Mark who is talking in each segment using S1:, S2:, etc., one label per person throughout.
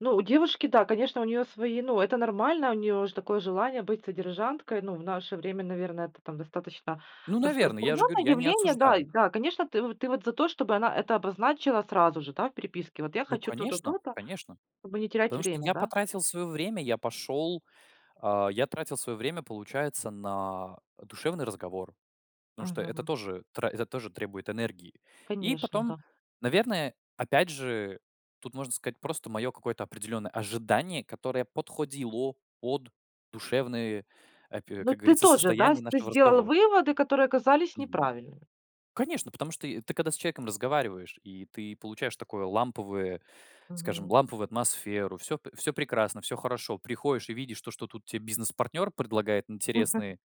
S1: Ну у девушки, да, конечно, у неё свои ну, это нормально. У нее же такое желание быть содержанкой. Ну, в наше время, наверно, это там достаточно
S2: Ну, наверно, я же говорю,
S1: распространенное
S2: я не
S1: явление. Да, и
S2: осуждаю.
S1: да, конечно, ты вот ты вот за то, чтобы она это обозначила сразу же, да, в переписке. Вот я
S2: Ну,
S1: хочу то-то,
S2: конечно
S1: то-то,
S2: конечно.
S1: чтобы не терять
S2: Потому что
S1: время,
S2: я
S1: да?
S2: потратил своё время, я пошёл. А, я тратил своё время, получается, на, э, душевный разговор. Потому что это
S1: Мгм.
S2: тоже тра это тоже требует энергии. И
S1: Конечно,
S2: потом,
S1: да.
S2: наверное, опять же, тут можно сказать просто мое какое-то определенное ожидание, которое подходило под душевные, апи
S1: Ну
S2: как
S1: ты
S2: говорится,
S1: тоже, да,
S2: состояние
S1: с ты
S2: нашего
S1: сделал
S2: разговора.
S1: выводы, которые оказались
S2: Мгм.
S1: неправильными.
S2: Конечно, потому что, э, ты когда с человеком разговариваешь, и ты получаешь такое ламповое, скажем,
S1: Мгм.
S2: ламповую атмосферу, всё п всё прекрасно, всё хорошо. Приходишь и видишь то, что тут те бизнес-партнер предлагает интересный,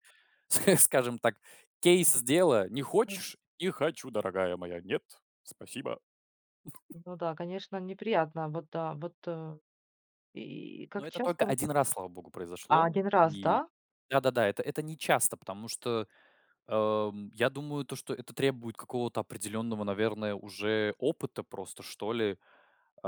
S2: ск скажем так, кейс дела. Не хочешь? Не хочу, дорогая моя. Нет, спасибо.
S1: Ну да, конечно неприятно. Вот да, вот, э. И
S2: Ну
S1: как
S2: это только
S1: часто вы?
S2: 1 раз, слава богу,
S1: А
S2: произошло.
S1: 1 раз,
S2: И
S1: да?
S2: да-да-да, это это нечасто, потому что, ам, я думаю, то, что это требует какого-то определённого, наверное, уже опыта просто, что ли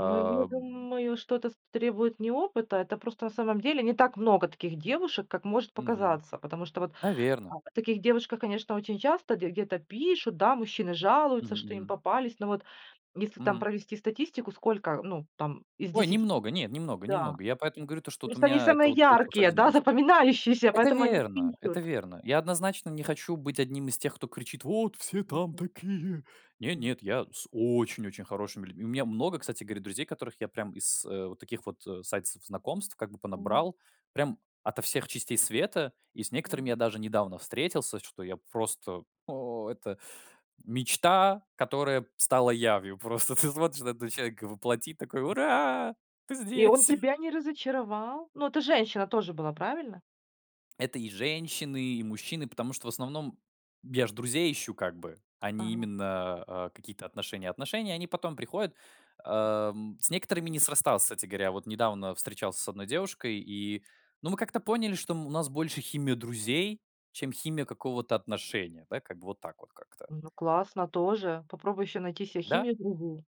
S1: Ну я думаю, что это с требует не опыта. Это просто, на самом деле, не так много таких девушек, как может
S2: Мгм.
S1: показаться. Потому что вот,
S2: Наверно.
S1: да, о таких девушках, конечно, очень часто де где-то пишут, да, мужчины
S2: Мгм,
S1: жалуются, что им
S2: мгм.
S1: попались. Но вот если там
S2: Мгм.
S1: провести статистику, сколько, э, ну там из
S2: Ой,
S1: 10,
S2: немного, нет, немного
S1: да.
S2: немного. Я поэтому говорю, то что вот у
S1: Просто они
S2: меня это
S1: самые
S2: вот получилось
S1: яркие,
S2: 1
S1: да,
S2: раз.
S1: запоминающиеся,
S2: Это
S1: поэтому о них
S2: верно, это
S1: пишут.
S2: верно. Я однозначно не хочу быть одним из тех, кто кричит: "Вот все там такие!" Нет,
S1: Мг.
S2: нет, я с очень очень хорошими людьми У меня много, кстати говоря, друзей, которых я прям из, э, вот таких вот, э, сайтов знакомств, как бы, понабрал. Прям ото всех частей света. И с некоторыми
S1: Мгм.
S2: я даже недавно встретился, что я просто, о это мечта, которая стала явью. Просто ты смотришь на этого человека воплоти, такой: "Ура, ты
S1: И он
S2: здесь!"
S1: тебя не разочаровал? Ну это женщина тоже была, правильно?
S2: Это и женщины, и мужчины, потому что, в основном, я же друзей ищу, как бы, а не
S1: Мгм.
S2: именно, а, какие-то отношения. Отношения, они потом приходят, ам, с некоторыми не срасталось, кстати говоря. Вот недавно встречался с 1 девушкой, и ну мы как-то поняли, что мы у нас больше химия друзей, чем химия какого-то отношения. Да, как бы вот так вот как-то.
S1: Ну классно тоже. Попробуй ещё найти се
S2: Да!
S1: химию друзей.